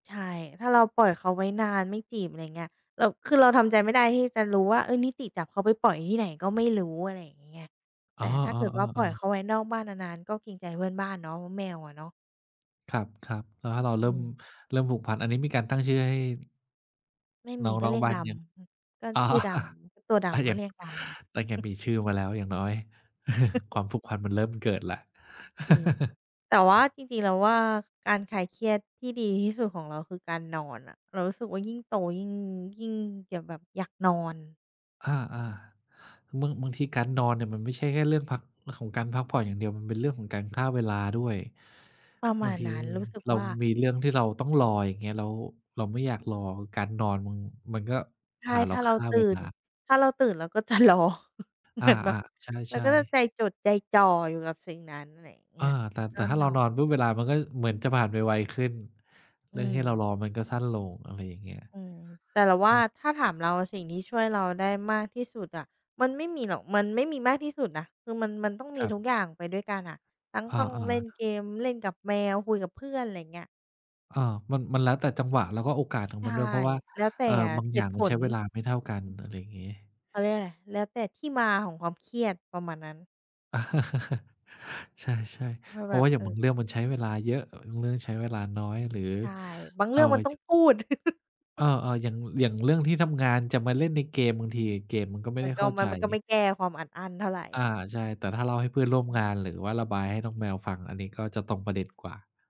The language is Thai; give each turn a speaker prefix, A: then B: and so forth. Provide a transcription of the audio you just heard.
A: ใช่ ถ้าเราปล่อยเขาไว้นานไม่จีบ อะไรเงี้ย เรา คือเราทำใจไม่ได้ที่จะรู้ว่า เฮ้ย นิติจับเขาไปปล่อยที่ไหนก็ไม่รู้ อะไรอย่างงี้ไง
B: อ
A: แต
B: ๋
A: ่
B: อ
A: ถ้าเกิดว่าป
B: ๆ
A: ล่อย
B: ๆ
A: เข
B: ๆ
A: าไว้นอกบ้านนาน ๆ ก็เกรงใจเพื่อนบ้านเนาะ เพราะแมวอะเนาะ
B: ครับ ๆ แล้วถ้าเรา
A: อ
B: เริ่
A: ื
B: ม
A: ม
B: เริ่มผูกพัน อันนี้มีการตั้งชื่อให้
A: ไม่ม
B: น้
A: ี
B: อง
A: ก็
B: ร้อ
A: เร
B: ง
A: ียก
B: บ้า
A: ด
B: งยัง?
A: ำ อือ ก็
B: อ๋อ
A: ชื่อดำ ตัวด
B: อะ
A: ำก
B: ย
A: ็
B: ัง
A: เรียกดำไป
B: ตั้งยังมีชื่อมาแล้วอย่างน้อย ความผูกพันมันเริ่มเกิดแล้ว
A: จริง แต่ว่าจริง ๆ เราว่า การคลายเครียดที่ดีที่สุดของเราคือการนอนอะ เรารู้สึกว่า ยิ่งโตยิ่ง ยิ่งอยากแบบอยากนอน
B: อา ๆ บาง บางทีการนอนเนี่ยมันไม่ใช่แค่เรื่องพัก ของการพักผ่อนอย่างเดียว มันเป็นเรื่องของการฆ่าเวลาด้วย
A: ประม
B: บา
A: า
B: ง
A: ณ
B: ที
A: นั้น รู้สึก
B: เรา
A: ว่า
B: มีเรื่องที่เราต้องรอ อย่างเงี้ย แล้วเราไม่อยากรอ การนอนมัน มันก็
A: ใช
B: พ
A: ่
B: าเร
A: ถ
B: า
A: ้าเร
B: ฆ
A: า
B: ่า
A: ตื
B: เ
A: ่
B: วล
A: น
B: า
A: ถ้าเราตื่นเราก็จะ รอ เห
B: อ
A: ม
B: า
A: ือนแบบ
B: ๆ ใ
A: เรา
B: ช่
A: ก็
B: ๆ
A: ใจจดใจจ่ออยู่กับสิ่งนั้น อะไรเง
B: เอ
A: ี้
B: อ
A: ย
B: แต่
A: ก
B: แต
A: ็
B: ่ถ้า
A: น
B: เรา
A: อ
B: นอน
A: น
B: ปุ๊บเวลามันก็เหมือนจะผ่านไวขึ้น
A: อ
B: เ
A: ื
B: รื่องที่เรา
A: ม
B: รอมันก็สั้นลง อะไรอย่างเงี้ย
A: อืม แต่เราว
B: อื
A: ่า
B: ม
A: ถ้าถามเราสิ่งที่ช่วยเราได้มากที่สุดอะ มันไม่มีหรอก มันไม่มีมากที่สุดนะ คือมัน มันต้องม
B: ค
A: ี
B: รับ
A: ทุกอย่างไปด้วยกันอะ ทั้ง
B: อ
A: ต้องเล่
B: า ๆ
A: นเกม เล่นกับแมว คุยกับเพื่อน ไรเงี้ย
B: เออ มัน มันแล้วแต่จังหวะ แล้วก็โอกาสของ
A: ใช
B: ม
A: ่
B: ันด้วย เพราะว่า
A: แล้วแต่
B: เอ่อ บาง
A: เห
B: อย่า
A: ต
B: ง
A: ุผ
B: มันใช้
A: ล
B: เวลาไม่เท่ากัน
A: อืม
B: อะไรงี้
A: เขาเรียกว่าไร แล้วแต่ที่มาของความเครียด ประมาณนั้น
B: ใช่
A: ว่า
B: ๆ เพ
A: แ
B: ร
A: บ
B: าะว
A: บ
B: ่าอย่
A: เ
B: า
A: อ
B: ง
A: อ
B: บางเรื่องมันใช้เวลาเยอะ บางเรื่องใช้เวลาน้อย หรือ
A: ใช่ บาง
B: เ
A: เร
B: อ่
A: ื
B: อ
A: ่องมันต้อ
B: ย
A: งพูด
B: เออ ๆ อย่าง อย่างเรื่องที่ทำงานจะมาเล่นในเกม บางทีเกมมันก็ไม่
A: มั
B: ได
A: น
B: ้
A: ก
B: เ
A: ็
B: ข้า
A: มั
B: ใจ
A: น มันก็ไม่แก้ความอัดอั้นเท่าไร
B: อา ใช่ แต่ถ้าเล่าให้เพื่อนร่วม
A: อื
B: ง
A: ม
B: าน หรือว่าระบายให้น้องแมวฟัง อันนี้ก็จะตรงประเด็นกว่า